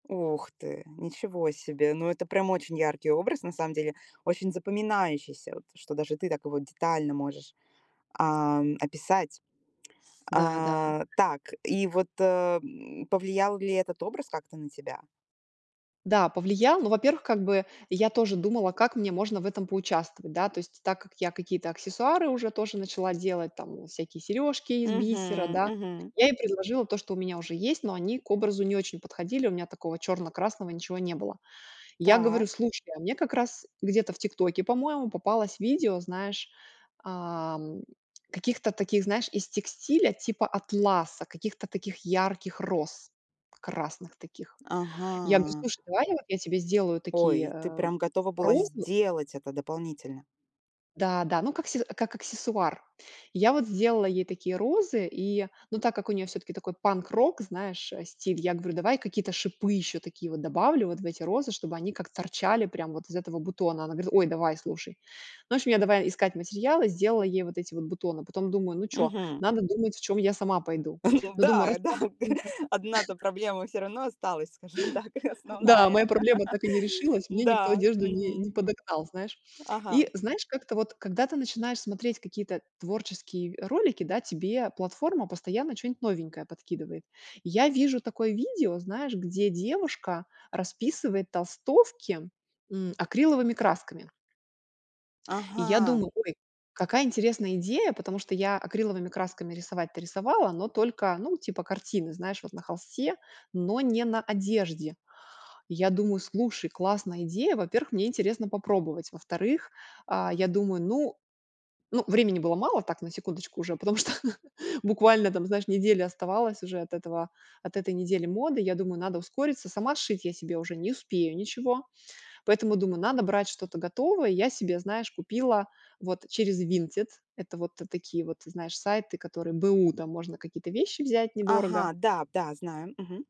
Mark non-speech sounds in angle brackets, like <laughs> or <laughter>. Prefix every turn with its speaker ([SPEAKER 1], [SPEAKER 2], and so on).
[SPEAKER 1] Ох ты, ничего себе! Ну, это прям очень яркий образ, на самом деле. Очень запоминающийся вот, что даже ты так его детально можешь, ам, описать.
[SPEAKER 2] Да, да.
[SPEAKER 1] А, так, и вот, э, м, повлиял ли этот образ как-то на тебя?
[SPEAKER 2] Да повлиял, но, во-первых, как бы я тоже думала, как мне можно в этом поучаствовать, да, то есть, так как я какие-то аксессуары уже тоже начала делать, там всякие сережки из бисера,
[SPEAKER 1] Мгм,
[SPEAKER 2] да.
[SPEAKER 1] мгм.
[SPEAKER 2] Я ей предложила то, что у меня уже есть, но они к образу не очень подходили. У меня такого черно-красного ничего не было. Я говорю,
[SPEAKER 1] Так.
[SPEAKER 2] слушай, а мне как раз где-то в "Тиктоке", по-моему, попалось видео, знаешь, ам, каких-то таких, знаешь, из текстиля типа атласа, каких-то таких ярких роз, красных таких. Я говорю:
[SPEAKER 1] Ага.
[SPEAKER 2] "Слушай, давай я я тебе сделаю такие,
[SPEAKER 1] Ой, ты
[SPEAKER 2] э,
[SPEAKER 1] прям готова была
[SPEAKER 2] розы".
[SPEAKER 1] сделать это дополнительно?
[SPEAKER 2] Да, да, ну, как се как аксессуар. Я вот сделала ей такие розы, и, но так как у неё всё-таки такой панк-рок, знаешь, а, стиль, я говорю: "Давай какие-то шипы ещё такие вот добавлю вот в эти розы, чтобы они как торчали прям вот из этого бутона". Она говорит: "Ой, давай, слушай". Ну, в общем, я давай искать материалы, сделала ей вот эти вот бутоны, потом думаю: "Ну чё,
[SPEAKER 1] Мгм.
[SPEAKER 2] надо думать, в чём я сама пойду".
[SPEAKER 1] <chuckles> Ну
[SPEAKER 2] Ну, думаю,
[SPEAKER 1] да, и да.
[SPEAKER 2] раскрас как у меня
[SPEAKER 1] <laughs> Одна-то
[SPEAKER 2] <chuckles>
[SPEAKER 1] проблема всё равно осталась, скажем так, и
[SPEAKER 2] Да,
[SPEAKER 1] основная.
[SPEAKER 2] моя проблема так и не
[SPEAKER 1] <laughs>
[SPEAKER 2] решилась, мне никто
[SPEAKER 1] М-да.
[SPEAKER 2] одежду не не
[SPEAKER 1] Мгм.
[SPEAKER 2] подогнал, знаешь.
[SPEAKER 1] Ага.
[SPEAKER 2] И, знаешь, как-то вот, когда ты начинаешь смотреть какие-то творческие ролики, да, тебе платформа постоянно чё-нибудь новенькое подкидывает. Я вижу такое видео, знаешь, где девушка расписывает толстовки, м, акриловыми красками. И я
[SPEAKER 1] Ага.
[SPEAKER 2] думаю: ой, какая интересная идея, потому что я акриловыми красками рисовать-то рисовала, но только, ну, типа картины, знаешь, вот на холсте, но не на одежде. И я думаю: слушай, классная идея. Во-первых, мне интересно попробовать. Во-вторых, а, я думаю, ну ну, времени было мало, так на секундочку уже, потому что буквально там, знаешь, неделя оставалось уже от этого от этой недели моды. Я думаю, надо ускориться. Сама сшить я себе уже не успею ничего, поэтому думаю, надо брать что-то готовое. Я себе, знаешь, купила вот через Vinted. Это вот такие, вот ты знаешь, сайты, которые б/у, да, можно какие-то вещи взять недорого.
[SPEAKER 1] Ага, да, да, знаю. Мгм.